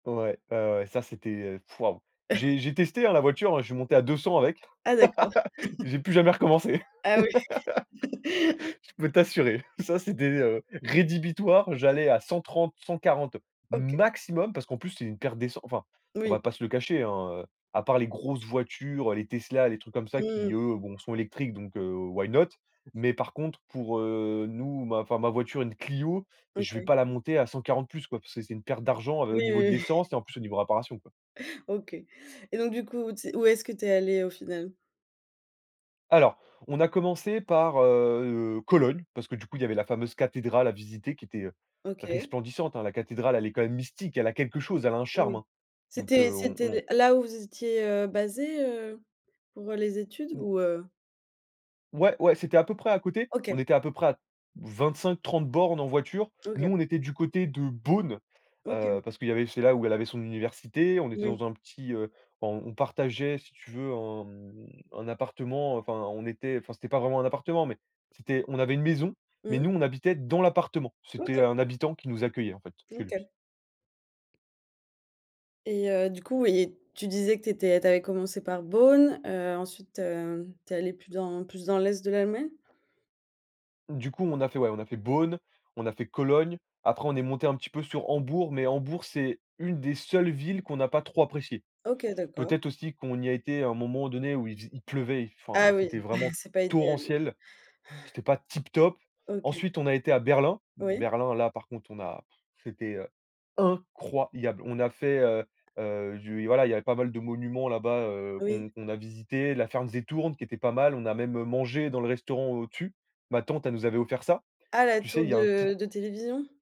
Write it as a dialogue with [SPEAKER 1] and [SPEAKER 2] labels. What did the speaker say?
[SPEAKER 1] Ouais, ouais, ouais, ça c'était heu p waouh. J'ai j'ai testé hein, la voiture, je suis monté à 200 avec.
[SPEAKER 2] Ah d'accord.
[SPEAKER 1] J'ai plus jamais recommencé.
[SPEAKER 2] Ah oui.
[SPEAKER 1] Je peux t'assurer, ça c'était heu rédhibitoire, j'allais à 130, 140
[SPEAKER 2] OK.
[SPEAKER 1] maximum, parce qu'en plus c'est une perte d'essen enfin on va
[SPEAKER 2] Oui.
[SPEAKER 1] pas se le cacher hein, heu, à part les grosses voitures, les Tesla, les trucs comme ça, qui
[SPEAKER 2] Mmh.
[SPEAKER 1] eux, bon sont électriques. Donc heu, why not? Mais par contre pour, heu, nous, ma enfin ma voiture, une Clio, je vais
[SPEAKER 2] OK.
[SPEAKER 1] pas la monter à 140 plus, quoi. Parce que c'est c'est une perte d'argent, heu,
[SPEAKER 2] Oui,
[SPEAKER 1] au niveau de
[SPEAKER 2] oui, oui.
[SPEAKER 1] l'essence et en plus au niveau réparation, quoi.
[SPEAKER 2] OK et donc du coup, ts où est-ce que tu es allé au final?
[SPEAKER 1] Alors on a commencé par heu, Cologne, parce que du coup il y avait la fameuse cathédrale à visiter qui était
[SPEAKER 2] OK.
[SPEAKER 1] resplendissante, hein, la cathédrale, elle est quand même mystique, elle a quelque chose, elle a un charme
[SPEAKER 2] Oui.
[SPEAKER 1] hein. Donc,
[SPEAKER 2] C'était
[SPEAKER 1] heu, on
[SPEAKER 2] c'était
[SPEAKER 1] on
[SPEAKER 2] l là où vous étiez, heu, basés, heu, pour les études?
[SPEAKER 1] Ou
[SPEAKER 2] Ou heu
[SPEAKER 1] ouais, ouais c'était à peu près à côté, on
[SPEAKER 2] OK.
[SPEAKER 1] était à peu près à 25, 30 bornes en voiture, nous
[SPEAKER 2] OK.
[SPEAKER 1] on était du côté de Bonn,
[SPEAKER 2] OK.
[SPEAKER 1] heu, parce que il y avait c'est là où elle avait son université. On était
[SPEAKER 2] Oui.
[SPEAKER 1] dans un petit heu en on partageait si tu veux, un mmh un appartement enfin on était enfin c'était pas vraiment un appartement, mais c'était on avait une maison. Mais
[SPEAKER 2] Mmh.
[SPEAKER 1] nous on habitait dans l'appartement, c'était
[SPEAKER 2] OK.
[SPEAKER 1] un habitant qui nous accueillait en fait, chez lui.
[SPEAKER 2] OK. Et heu, du coup ouais, tu disais que tu étais tu avais commencé par Bonn, heu, ensuite, heu, tu es allée plus dans plus dans l'est de l'Allemagne?
[SPEAKER 1] Du coup on a fait, ouais, on a fait Bonn, on a fait Cologne, après on est monté un petit peu sur Hambourg, mais Hambourg c'est une des seules villes qu'on n'a pas trop apprécié.
[SPEAKER 2] OK d'accord.
[SPEAKER 1] Peut-être aussi qu'on y a été à un moment donné où il faisait il pleuvait, enfin
[SPEAKER 2] Ah oui
[SPEAKER 1] c'était vraiment
[SPEAKER 2] c'est pas idéal, oui.
[SPEAKER 1] torrentiel, c'était pas tip top.
[SPEAKER 2] OK.
[SPEAKER 1] Ensuite on a été à Berlin,
[SPEAKER 2] Oui.
[SPEAKER 1] Berlin là par contre on a c'était, heu, incroyable. On a fait, heu heu du voilà il y avait pas mal de monuments là-bas, heu,
[SPEAKER 2] Oui.
[SPEAKER 1] qu'on qu'on a visité, la Fernsehturm qui était pas mal, on a même, heu, mangé dans le restaurant au-dessus. Ma tante elle nous avait offert ça.
[SPEAKER 2] Ah la
[SPEAKER 1] Tu sais,
[SPEAKER 2] tour
[SPEAKER 1] il y a un petit
[SPEAKER 2] de de télévision?